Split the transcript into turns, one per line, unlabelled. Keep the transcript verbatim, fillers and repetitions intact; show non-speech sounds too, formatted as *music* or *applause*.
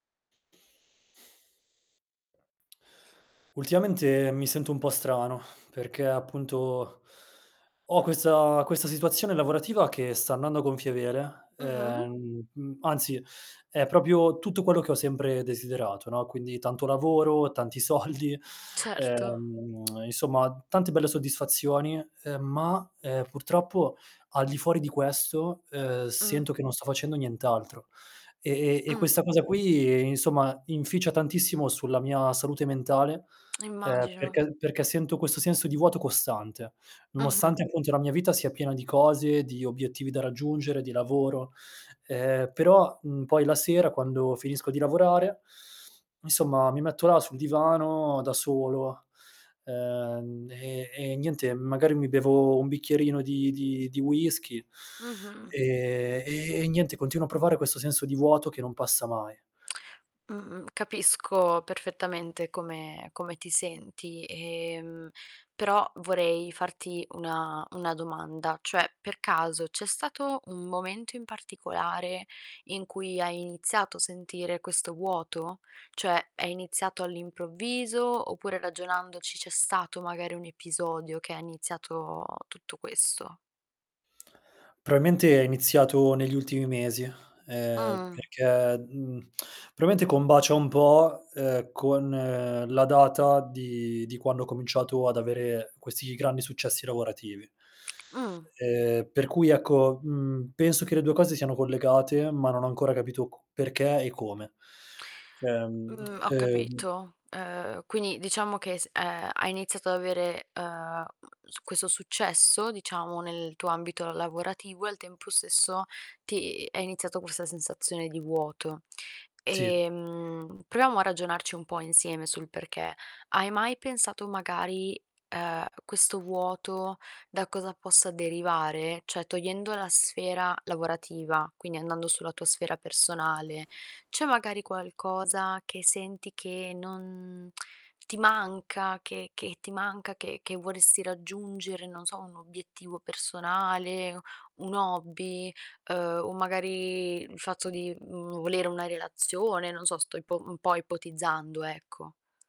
Ultimamente mi sento un po' strano *sighs* perché, appunto, ho questa questa situazione lavorativa che sta andando a gonfie vele,
Mh-mh.
ehm, mhmm, anzi è propio tutto quello che ho sempre desiderato, no, quindi tanto lavoro, tanti soldi,
Certo.
ehm, *clicks tongue* insomma tante belle soddisfazioni. Uhm, ma, uhm, purtroppo al di fuori di questo, uhm,
Mh.
sento che non sto facendo nient'altro. E e e questa
Mh.
cosa qui, insomma, inficia tantissimo sulla mia salute mentale, uhm,
Immagino.
perché perché sento questo senso di vuoto costante,
Mh-mh.
nonostante, appunto, la mia vita sia piena di cose, di obiettivi da raggiungere, di lavoro, ehm, però, mhmm, poi la sera quando finisco di lavorare, insomma, mi metto là sul divano da solo, uhm, e e niente, magari, mi bevo un bicchierino di di di whiskey
Mh-mh.
e e niente continuo a provare questo senso di vuoto che non passa mai.
Mh-mh. Capisco perfettamente come come ti senti. E, emhmm, però vorrei farti una una domanda, cioè, per caso c'è stato un momento in particolare in cui hai iniziato a sentire questo vuoto? Cioè, è iniziato all'improvviso, oppure ragionandoci c'è stato, magari, un episodio che ha iniziato tutto questo?
proamente è iniziato negli ultimi mesi, ehm,
Mh.
perché, mhmm, *tsk* probamente combacia un po', uhm, con la data di di quando ho cominciato ad avere questi grandi successi lavorativi.
Mh.
Ehm, per cui ecco, mhmm, penso che le due cose siano collegate, ma non ho ancora capito co perché e come. Ehm,
Mh.
*tsk*
Ho
ehm
capito. Uhm, quindi diciamo che s ehm, hai iniziato ad avere, uhm, mhmm, s questo successo, diciamo, nel tuo ambito lavorativo, e al tempo stesso ti è iniziato questa sensazione di vuoto.
Sì.
Ehm, proviamo a ragionarci un po' insieme sul perché. Hai mai pensato, magari, uhm, questo vuoto da cosa possa derivare? Cioè, togliendo la sfera lavorativa, quindi, andando sulla tua sfera personale, c'è magari qualcosa che senti che non *clicks tongue* ti manca, che che ti manca, che che vorresti raggiungere, non so, un obiettivo personale, un hobby, uhm, o magari il fatto di, mhmm, volere una relazione, non so, sto ipo un po' ipotizzando, ecco.